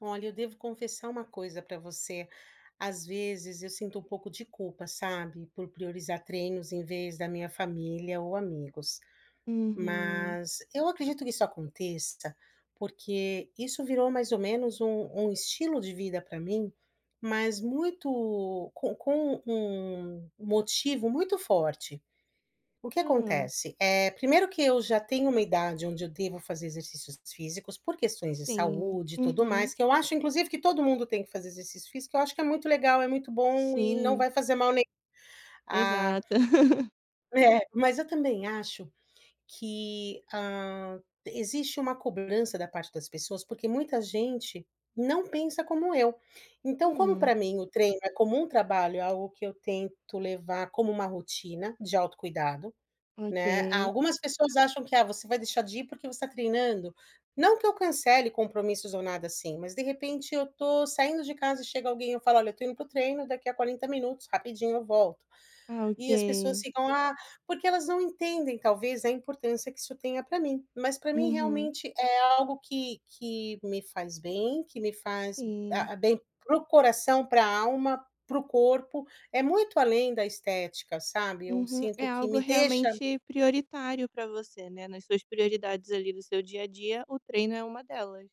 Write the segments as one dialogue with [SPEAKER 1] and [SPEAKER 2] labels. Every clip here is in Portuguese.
[SPEAKER 1] Olha eu devo confessar uma coisa pra você. Às vezes, eu sinto um pouco de culpa, sabe, por priorizar treinos em vez da minha família ou amigos.
[SPEAKER 2] Uhum.
[SPEAKER 1] Mas eu acredito que isso aconteça, porque, isso virou mais ou menos um um estilo de vida pra mim, mas muito com com um motivo muito forte. O que
[SPEAKER 2] Hum.
[SPEAKER 1] acontece. Eh, primeiro que eu já tenho uma idade onde eu devo fazer exercícios físicos por questões de
[SPEAKER 2] Sim.
[SPEAKER 1] saúde e tudo
[SPEAKER 2] Uhum.
[SPEAKER 1] mais, que eu acho, inclusive que todo mundo tem que fazer exercício físico, eu acho que é muito legal, é muito bom e não
[SPEAKER 2] Sim.
[SPEAKER 1] vai fazer mal, a
[SPEAKER 2] Exato.
[SPEAKER 1] É. Mas eu também acho que, hã, existe uma cobrança da parte das pessoas, porque muita gente não pensa como eu. Então, como
[SPEAKER 2] Hum.
[SPEAKER 1] pra mim o treino é como um trabalho, algo que eu tento levar como uma rotina de autocuidado, né. A
[SPEAKER 2] Ok.
[SPEAKER 1] algumas pessoas acham que: "Ah você vai deixar de ir porque você tá treinando?". Não que eu cancele compromissos ou nada, assim, mas, de repente, eu tô saindo de casa e chega alguém eu falo: "Olha eu tô indo para o treino daqui a 40 minutos rapidinho eu volto".
[SPEAKER 2] Ah,
[SPEAKER 1] E as pessoas
[SPEAKER 2] ok.
[SPEAKER 1] ficam: "Ah" porque elas não entendem talvez a importância que isso tenha pra mim. Mas pra mim
[SPEAKER 2] Uhum.
[SPEAKER 1] realmente é algo que que me faz bem, que me faz
[SPEAKER 2] Sim.
[SPEAKER 1] hã bem para o coração, pra alma, para o corpo. É muito além da estética, sabe. Eu
[SPEAKER 2] Uhum.
[SPEAKER 1] sinto
[SPEAKER 2] É
[SPEAKER 1] que
[SPEAKER 2] algo
[SPEAKER 1] me deixa
[SPEAKER 2] realmente prioritário pra você, né. Nas suas prioridades, ali, do seu dia a dia o treino é uma delas.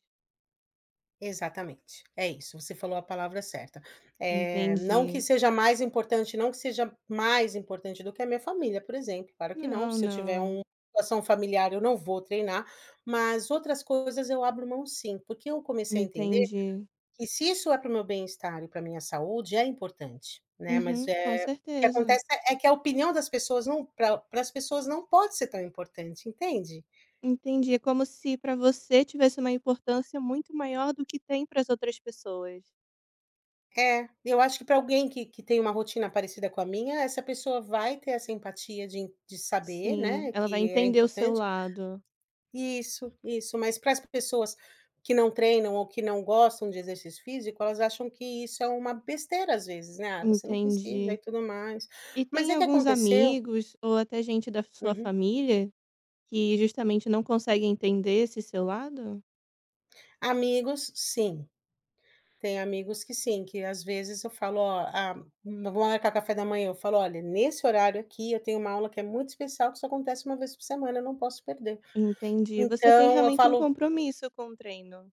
[SPEAKER 1] Exatamente. É isso, você falou a palavra certa. Eh, não que
[SPEAKER 2] Entendi.
[SPEAKER 1] seja mais importante, não que seja mais importante do que a minha família, por exemplo, claro que não,
[SPEAKER 2] Não,
[SPEAKER 1] se eu tiver
[SPEAKER 2] não.
[SPEAKER 1] um uma situação familiar eu não vou treinar. Mas outras coisas eu abro mão sim, porque eu comecei a entender,
[SPEAKER 2] Entendi.
[SPEAKER 1] que se isso é pra o meu bem-estar e pra minha saúde é importante, né. Mas,
[SPEAKER 2] Uhum, com
[SPEAKER 1] eh, o que
[SPEAKER 2] certeza.
[SPEAKER 1] acontece é que a opinião das pessoas não pra pra as pessoas não pode ser tão importante, entende?
[SPEAKER 2] Entendi. É como se pra você tivesse uma importância muito maior do que tem para as outras pessoas.
[SPEAKER 1] É. Eu acho que pra alguém que que tem um rotina parecida com a minha. Essa pessoa vai ter essa empatia de en de saber,
[SPEAKER 2] Sim,
[SPEAKER 1] né,
[SPEAKER 2] ela vai
[SPEAKER 1] que é
[SPEAKER 2] entender o seu
[SPEAKER 1] importante
[SPEAKER 2] lado.
[SPEAKER 1] Isso, isso. Mas para as pessoas, que não treinam ou que não gostam de exercício físico. Elas acham que isso é uma besteira às vezes, né. "Ah você não precisa" e
[SPEAKER 2] Entendi.
[SPEAKER 1] tudo mais,
[SPEAKER 2] E
[SPEAKER 1] mas
[SPEAKER 2] tem
[SPEAKER 1] é que
[SPEAKER 2] alguns
[SPEAKER 1] aconteceu
[SPEAKER 2] amigos, ou até gente da su sua
[SPEAKER 1] Uhum.
[SPEAKER 2] família, que justamente não consegue entender esse seu lado?
[SPEAKER 1] Amigos, sim. Tem amigos que sim, que às vezes eu falo: "Ó, a vamos marcar café da manhã", eu falo: "Olhe, nesse horário aqui eu tenho uma aula que é muito especial que só acontece uma vez por semana, não posso perder".
[SPEAKER 2] Entendi, você tem
[SPEAKER 1] Então, eu
[SPEAKER 2] realmente um
[SPEAKER 1] falo
[SPEAKER 2] compromisso com o treino.